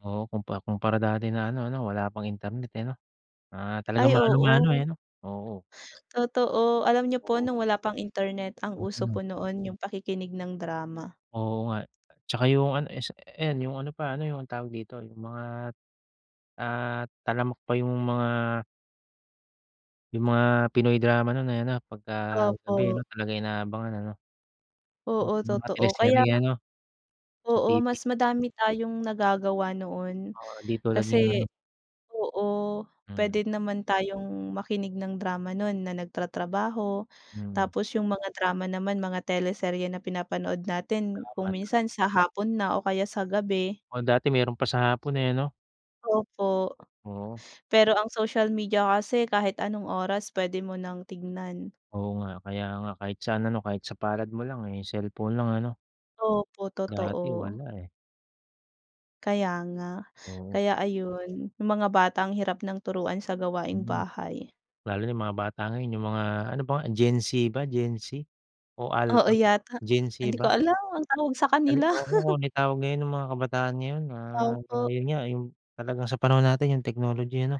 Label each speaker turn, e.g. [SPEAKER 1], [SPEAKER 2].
[SPEAKER 1] Oo kumpa kumpara dati na ano 'no, wala pang internet, eh, 'no? Ah talagang
[SPEAKER 2] Ay
[SPEAKER 1] mano-mano, eh,
[SPEAKER 2] oo.
[SPEAKER 1] ano? Oo.
[SPEAKER 2] Totoo, alam niyo po
[SPEAKER 1] Oo.
[SPEAKER 2] nung wala pang internet, ang uso
[SPEAKER 1] Mm.
[SPEAKER 2] po noon 'yung pakikinig ng drama.
[SPEAKER 1] Oo nga, tsaka 'yung ano is ayan 'yung ano pa, ano 'yung tawag dito, 'yung mga, ah, talamak pa yung mga yung mga Pinoy drama nun, eh, 'no, pagka gabi ano
[SPEAKER 2] Opo.
[SPEAKER 1] talagang inaabangan ano. O
[SPEAKER 2] Oo
[SPEAKER 1] may mga
[SPEAKER 2] totoo kaya
[SPEAKER 1] teleserye, ano? Sa
[SPEAKER 2] Oo,
[SPEAKER 1] TV.
[SPEAKER 2] mas madami tayong nagagawa noon
[SPEAKER 1] Oo, di tulad ngayon
[SPEAKER 2] kasi
[SPEAKER 1] ano.
[SPEAKER 2] oo,
[SPEAKER 1] Mm.
[SPEAKER 2] pwede naman tayong makinig ng drama nun na nagtratrabaho.
[SPEAKER 1] Mm.
[SPEAKER 2] Tapos 'yung mga drama naman mga teleserye na pinapanood natin
[SPEAKER 1] Drama
[SPEAKER 2] kung
[SPEAKER 1] tama.
[SPEAKER 2] minsan sa hapon na o kaya sa gabi.
[SPEAKER 1] O dati meron pa sa hapon, eh, 'no.
[SPEAKER 2] Opo,
[SPEAKER 1] Oo.
[SPEAKER 2] pero ang social media kasi kahit anong oras pwede mo ng tignan.
[SPEAKER 1] Oo nga kaya nga kahit sa ano, kahit sa palad mo lang, eh, cellphone lang ano?
[SPEAKER 2] Opo,
[SPEAKER 1] Dati
[SPEAKER 2] totoo.
[SPEAKER 1] wala, eh.
[SPEAKER 2] Kaya nga.
[SPEAKER 1] Oo.
[SPEAKER 2] Kaya ayun, 'yung mga bata ang hirap ng turuan sa gawaing
[SPEAKER 1] Hmm,
[SPEAKER 2] bahay.
[SPEAKER 1] lalo na 'yung mga bata ngayon 'yung mga, ano ba nga, Gen Z ba, Gen Z o
[SPEAKER 2] Oo
[SPEAKER 1] Alpha?
[SPEAKER 2] yata,
[SPEAKER 1] Gen Z
[SPEAKER 2] hindi ko
[SPEAKER 1] ba?
[SPEAKER 2] alam ang tawag sa
[SPEAKER 1] Ano,
[SPEAKER 2] kanila.
[SPEAKER 1] ewan ko kung anong tawag ngayon 'yung mga kabataan ngayon, ah
[SPEAKER 2] Opo.
[SPEAKER 1] 'yun nga 'yung talagang sa panahon natin 'yung technology ano.